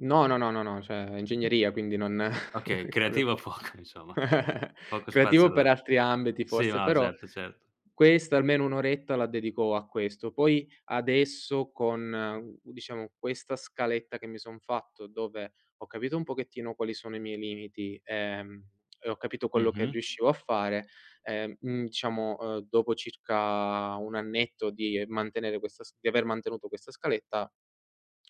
No, no, no, no, no, cioè ingegneria quindi non Okay, cambia creativo po poco insomma. Poco spazio creativo per all'ar altri ambiti, Sì, forse, no, però certo certo. questo almeno un'oretta la dedico a questo. Poi, adesso, con, uhm, diciamo, questa scaletta che mi son fatto, dove ho capito un pochettino quali sono i miei limiti, ehm, e ho capito quello che Mh-mh. riuscivo a fare, ehm, mhmm, diciamo, ehm, dopo circa un annetto di mantenere questa s di aver mantenuto questa scaletta,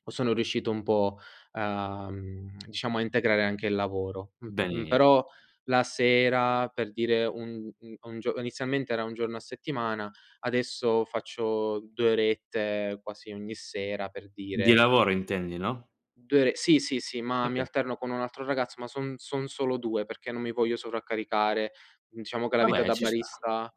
sono riuscito un po' a mhmm, diciamo, a integrare anche il lavoro, m m [unintelligible] però, la sera, per dire, un un a un gio inizialmente era un giorno a settimana, adesso faccio 2 orette quasi ogni sera, per Di dire lavoro intendi, no? 2 ore sì, sì, sì, ma mi Oka alterno con un altro ragazzo, ma son son solo 2 perché non mi voglio sovraccaricare. Diciamo che la vita Vabbè, da ci sta. barista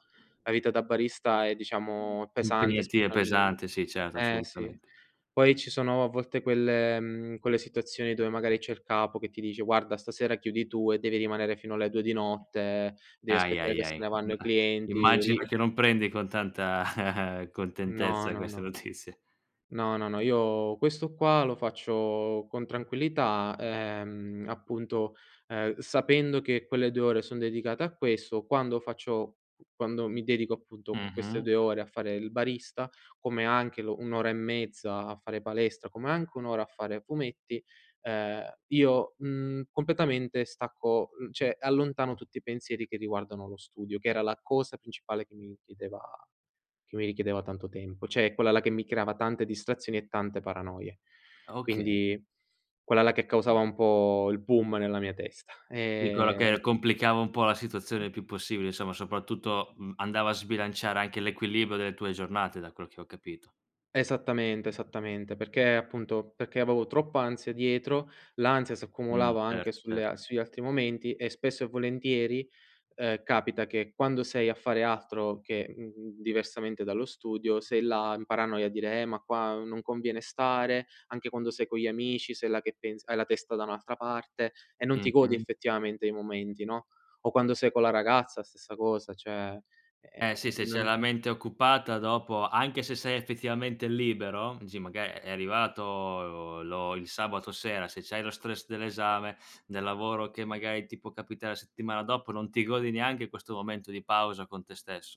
la vita da barista è, diciamo, pesante Impegnativa e specialmen pesante, sì, certo, Eh, sì. assolutamente. Poi ci sono, a volte, quelle mhmm, quelle situazioni dove, magari, c'è il capo che ti dice: “Guarda, stasera chiudi tu”, e devi rimanere fino alle 2 di notte, devi Ahi, aspettare ahi, che se ahi, ne vanno i [unintelligible] clienti immagino lì. che non prendi con tanta No, contentezza no, queste no. notizie No, no, no, io questo qua lo faccio con tranquillità, ehm, appunto, ehm, sapendo che quelle 2 ore sono dedicate a questo. Quando faccio quando mi dedico, appunto, queste Mh-mh. 2 ore a fare il barista, come anche l un'ora e mezza a fare palestra, come anche un'ora a fare fumetti, ehm, io, mhmm, completamente stacco, uhm, cioè, allontano tutti i pensieri che riguardano lo studio, che era la cosa principale che mi chiedeva che mi richiedeva tanto tempo, cioè, quella là che mi creava tante distrazioni e tante paranoie. Okay. Quindi, quella là che causava un po' il boom nella mia testa, Sì, quello che ehm. complicava un po' la situazione il più possibile, insomma, soprattutto, mhmm, andava a sbilanciare anche l'equilibrio delle tue giornate, da quello che ho capito. Esattamente, esattamente, perché, appunto, perché avevo troppa ansia dietro. L'ansia si Mh. accumulava anche Certo, cer sulle sugli altri momenti e, spesso e volentieri, ehm, capita che, quando sei a fare altro che, mhmm, diversamente dallo studio, sei là, in paranoia a dire: “Eh, ma qua non conviene stare”. Anche quando sei con gli amici, sei là che pensi hai la testa da un'altra parte e non ti godi, Mh-mh. effettivamente, i momenti, no, o quando sei con la ragazza, stessa cosa, cioè, Eh, sì, se ehm, c'è non la mente occupata dopo, anche se sei effettivamente libero, dici maga è arrivato lo il sabato sera, se c'hai lo stress dell'esame, nel lavoro che, magari, ti può capitare settimana dopo, non ti godi neanche questo momento di pausa con te stesso.